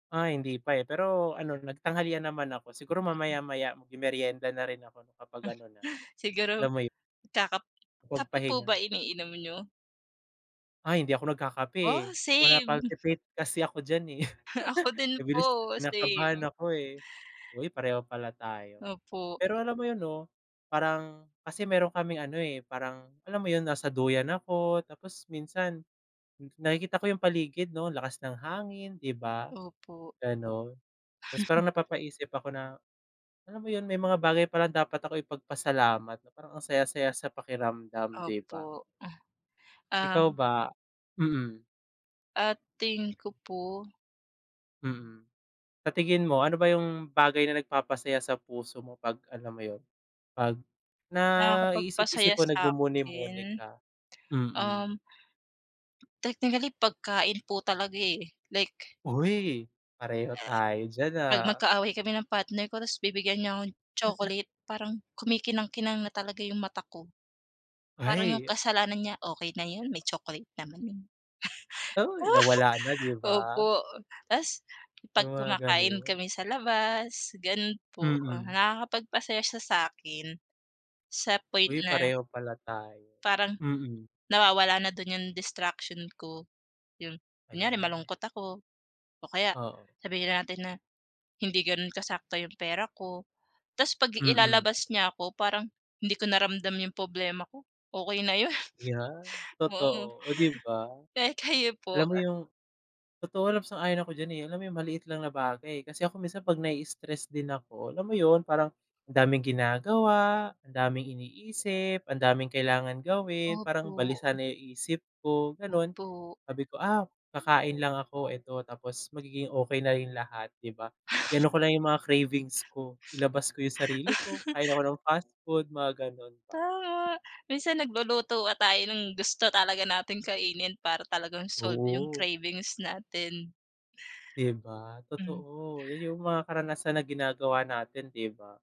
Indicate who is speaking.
Speaker 1: Ah, hindi pa, eh, pero ano, nagtanghalian naman ako. Siguro mamaya-maya, magmemeryenda na rin ako kapag ano na,
Speaker 2: Siguro,
Speaker 1: alam mo 'yo
Speaker 2: kakap
Speaker 1: Makapag
Speaker 2: kape po
Speaker 1: pahinga.
Speaker 2: ba iniinom niyo?
Speaker 1: Ay, hindi ako nagkakape, eh,
Speaker 2: Oh,
Speaker 1: wala,
Speaker 2: same.
Speaker 1: palpitate kasi ako diyan eh.
Speaker 2: Ako din
Speaker 1: Mabilis
Speaker 2: po,
Speaker 1: kinakabahan
Speaker 2: same.
Speaker 1: ako, hoy, pareho pala tayo.
Speaker 2: Opo.
Speaker 1: Pero alam mo 'yon, 'no, parang kasi meron kaming ano, eh, parang, alam mo 'yon, nasa duyan ako tapos minsan, n nakikita ko yung paligid, 'no, lakas ng hangin, 'di ba,
Speaker 2: Opo.
Speaker 1: gano'n. Tas parang napapaisip ako na, alam mo 'yon, may mga bagay palang dapat ako ipagpasalamat, na parang ang saya-saya sa pakiramdam, 'di ba?
Speaker 2: Opo.
Speaker 1: Ikaw
Speaker 2: Ang
Speaker 1: ba? Mm.
Speaker 2: Ah, tingin ko po.
Speaker 1: Mm. Sa tingin mo, ano ba yung bagay na nagpapasaya sa puso mo, 'pag, alam mo 'yon, 'pag naiisip-isip
Speaker 2: Nakakapagpasaya
Speaker 1: mo nagmumuni-muni
Speaker 2: sa'kin?
Speaker 1: ka?
Speaker 2: Um
Speaker 1: Mm.
Speaker 2: technically, pagkain po talaga, eh, like
Speaker 1: Uy, pareho tayo diyan,
Speaker 2: 'pag
Speaker 1: ah.
Speaker 2: magkaaway kami ng partner ko, tapos bibigyan niya akong
Speaker 1: [unintelligible]
Speaker 2: chocolate, parang kumikinang-kinang na talaga yung mata ko. Parang yung
Speaker 1: Ay, a
Speaker 2: kasalanan niya, okay na 'yon, may chocolate naman eh.
Speaker 1: Uy! Nawala na, 'di ba?
Speaker 2: Opo, tas
Speaker 1: Yung
Speaker 2: 'pag
Speaker 1: mga
Speaker 2: kumakain
Speaker 1: gano'n.
Speaker 2: kami sa labas, gano'n po.
Speaker 1: Mm.
Speaker 2: Nakakapagpasaya siya sa'kin, sa point
Speaker 1: Uy,
Speaker 2: na
Speaker 1: pareho pala tayo,
Speaker 2: parang,
Speaker 1: mm.
Speaker 2: nawawala na do'n yung distraction ko, 'yon. Kunyari
Speaker 1: Ayan.
Speaker 2: malungkot ako, o kaya
Speaker 1: Oo.
Speaker 2: sabihin natin na, hindi gano'n kasakto yung pera ko, tas 'pag
Speaker 1: Mm.
Speaker 2: ilalabas niya ako, parang hindi ko na ramdam yung problema ko, okey na 'yon.
Speaker 1: Yan,
Speaker 2: Oo.
Speaker 1: totoo, oh, 'di ba?
Speaker 2: Eh, kayo po,
Speaker 1: Alam mo
Speaker 2: an
Speaker 1: yung totoo lang, sang-ayon ako diyan, eh, alam mo yung, maliit lang na bagay. Kasi ako minsan, 'pag na-i-stress din ako, alam mo 'yon, parang, ang daming ginagawa, ang daming iniisip, ang daming kailangan gawin, parang
Speaker 2: Opo.
Speaker 1: balisa na yung isip ko, gano'n.
Speaker 2: Po.
Speaker 1: Sabi ko, ah, kakain lang ako, eto, tapos magiging okey na rin lahat, 'di ba, i-ano ko lang yung mga cravings ko, ilabas ko yung sarili ko, kain ako ng fast food, mga gano'n ba.
Speaker 2: Tama, minsan nagluluto nga tayo, ng gusto talaga nating kainin para talagang solve yung
Speaker 1: Oo.
Speaker 2: cravings natin.
Speaker 1: 'Di ba,
Speaker 2: Hmm.
Speaker 1: totoo, 'yon yung mga karanasan na ginagawa natin, 'di ba?